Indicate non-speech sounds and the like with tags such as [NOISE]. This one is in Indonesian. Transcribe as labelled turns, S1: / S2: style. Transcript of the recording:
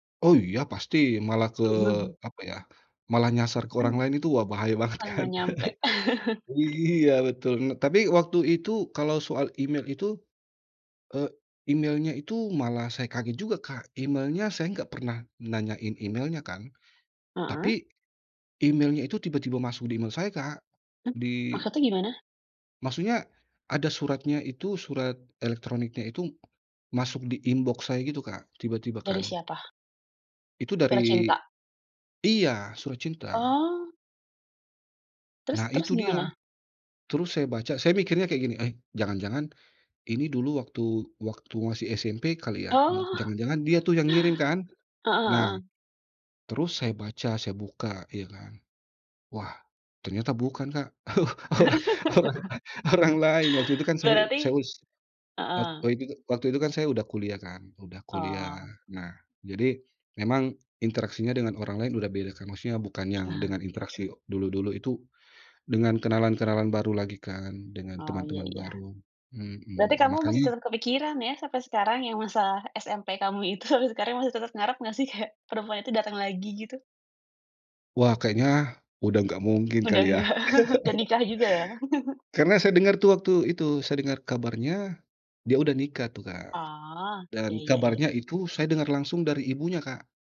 S1: Oh iya pasti, malah ke,
S2: Mhm.
S1: apa ya, malah nyasar ke orang
S2: Mmm,
S1: lain itu wah bahaya banget
S2: malah
S1: kan.
S2: nggak nyampe.
S1: [LAUGHS]
S2: [LAUGHS]
S1: Iya betul. Nah tapi waktu itu kalau soal email itu, eee, emailnya itu malah saya kaget juga Kak, emailnya saya nggak pernah nanyain emailnya kan, tapi
S2: Heeh.
S1: emailnya itu tiba-tiba masuk di email saya, Kak.
S2: Eh,
S1: Di
S2: maksudnya gimana?
S1: maksudnya ada suratnya itu, surat elektroniknya itu masuk di inbox saya gitu Kak, tiba-tiba
S2: Dari
S1: kan.
S2: siapa?
S1: Itu dari
S2: Tercinta.
S1: iya, surat cinta.
S2: Oh. Terus
S1: Nah
S2: terus
S1: itu dia.
S2: gimana?
S1: Terus saya baca saya mikirnya kayak gini, "Eh, jangan-jangan ini dulu waktu waktu masih SMP kali ya?" Mu
S2: Oh.
S1: jangan-jangan dia tuh yang ngirim kan,
S2: Heeh
S1: nah
S2: heeh.
S1: terus saya baca saya buka ya kan, wah ternyata bukan Kak, [LAUGHS] orang
S2: [LAUGHS]
S1: orang lain. Waktu itu kan saya saya
S2: Berarti
S1: us et
S2: heeh.
S1: tadi juga. Waktu itu kan saya udah kuliah kan, udah kuliah
S2: Oh.
S1: nah, jadi memang interaksinya dengan orang lain udah beda kan, maksudnya bukan yang
S2: Aha.
S1: dengan interaksi dulu-dulu itu, dengan kenalan-kenalan baru lagi kan, dengan
S2: Oh, iya
S1: teman-teman
S2: iya.
S1: baru,
S2: Berarti
S1: mhm,
S2: kamu masih
S1: makanya
S2: tetap kepikiran ya sampai sekarang yang masalah SMP kamu itu. Tapi sekarang masih tetap ngarep nggak sih kayak perempuan itu datang lagi, gitu?
S1: Wah, kayaknya udah enggak mungkin
S2: Udah
S1: kali yah.
S2: nggak, udah nikah
S1: [LAUGHS]
S2: juga ya? [LAUGHS]
S1: Karena saya dengar tuh waktu itu, saya dengar kabarnya dia udah nikah tuh Kak,
S2: Oh, iya
S1: dan
S2: iya iya.
S1: kabarnya itu saya dengar langsung dari ibunya, Kak.